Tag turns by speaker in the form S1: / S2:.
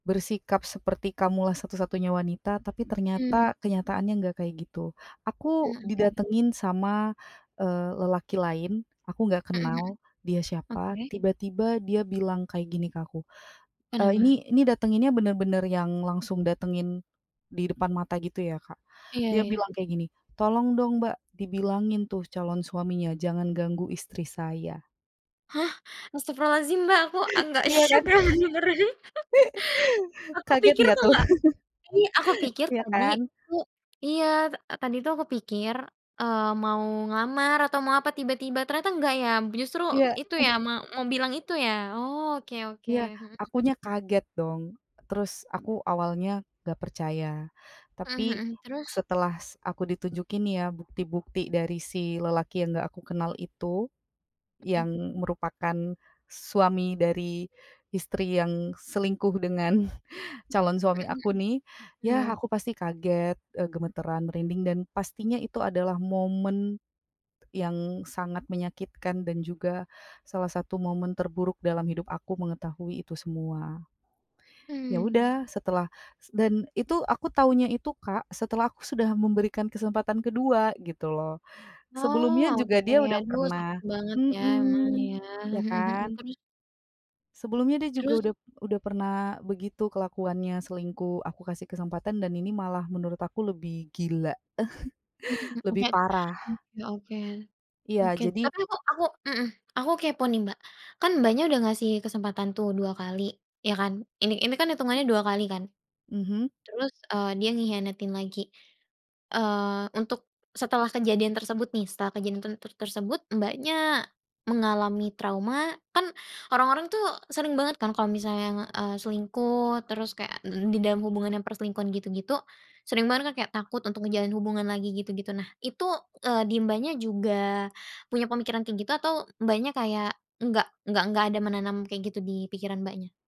S1: Bersikap seperti kamulah satu-satunya wanita, tapi
S2: Mmm.
S1: ternyata, kenyataannya enggak kayak gitu.
S2: Mmm,
S1: Aku
S2: oke.
S1: didatengin sama, eee, lelaki lain, aku nggak
S2: Mhm mhm.
S1: kenal, dia siapa,
S2: Oke.
S1: tiba-tiba dia bilang kayak gini ke aku, eee,
S2: Kenapa?
S1: ini ini datenginnya bener-bener yang langsung datengin, di depan mata gitu, ya, Kak.
S2: Iya
S1: Dia bilang
S2: iya.
S1: kayak gini, "Tolong dong, Mbak, dibilangin tuh, calon suaminya, jangan ganggu istri saya."
S2: Hah, astaghfirullahaladzim, Mbak, aku agak
S1: Iya, kan,
S2: syok, ya, dengernya. Aku
S1: kaget
S2: pikir
S1: gak
S2: tuh,
S1: tuh?
S2: nggak ini aku pikir
S1: Iya,
S2: tadi,
S1: kan.
S2: he iya, ta tadi tuh, aku pikir, eee, mau ngelamar atau mau apa, tiba-tiba, ternyata enggak ya, justru,
S1: Iya.
S2: itu ya, ma mau bilang itu, ya. Oh, oke oke,
S1: Iya,
S2: mhm.
S1: akunya kaget dong, terus, aku awalnya gak percaya,
S2: Mmm,
S1: tapi
S2: mhm, terus?
S1: setelah s aku ditunjukin ya, bukti-bukti dari, si lelaki yang gak aku kenal, itu. Yang
S2: Mhm.
S1: merupakan suami dari istri yang selingkuh, dengan calon
S2: Mhm
S1: suami aku,
S2: mhm,
S1: nih. Ya,
S2: iya.
S1: aku pasti kaget, eee, gemetaran, merinding, dan pastinya, itu adalah momen yang sangat menyakitkan, dan juga salah satu momen terburuk, dalam hidup aku, mengetahui itu semua. Ya
S2: Mmm.
S1: udah, setelah s dan itu, aku taunya itu, Kak, setelah aku sudah memberikan kesempatan kedua, gitu loh.
S2: Oh,
S1: Sebelumnya juga,
S2: oke,
S1: dia udah
S2: aduh, sakit
S1: pernah
S2: banget ya, emang,
S1: mhm,
S2: ya.
S1: iya
S2: Mhm mhm,
S1: kan.
S2: terus?
S1: Sebelumnya dia juga
S2: Terus?
S1: udah udah pernah begitu, kelakuannya, selingkuh, aku kasih kesempatan, dan ini malah menurut aku, lebih gila,
S2: Mmm,
S1: lebih
S2: oke,
S1: parah.
S2: oke oke,
S1: Iya,
S2: oke.
S1: jadi
S2: Tapi aku aku mhm, aku kepo, nih, Mbak, kan, Mbaknya udah ngasih kesempatan tuh, 2 kali. ya kan, ini ini kan, itungannya 2 kali kan,
S1: Mhm.
S2: terus, eee, dia ngehianatin lagi, eee, untuk setelah kejadian tersebut nih, setelah kejadian ten ter tersebut, Mbaknya mengalami trauma kan, orang-orang tuh, sering banget kan, kalau misalnya, nge eee, selingkuh, terus kayak n n di dalam hubungan yang perselingkuhan gitu-gitu, sering banget kan, kayak takut untuk ngejalin hubungan lagi, gitu-gitu. Nah, itu, eee, di Mbaknya juga punya pemikiran kayak gitu, atau Mbaknya, kayak enggak enggak enggak ada menanam kayak gitu di pikiran Mbaknya?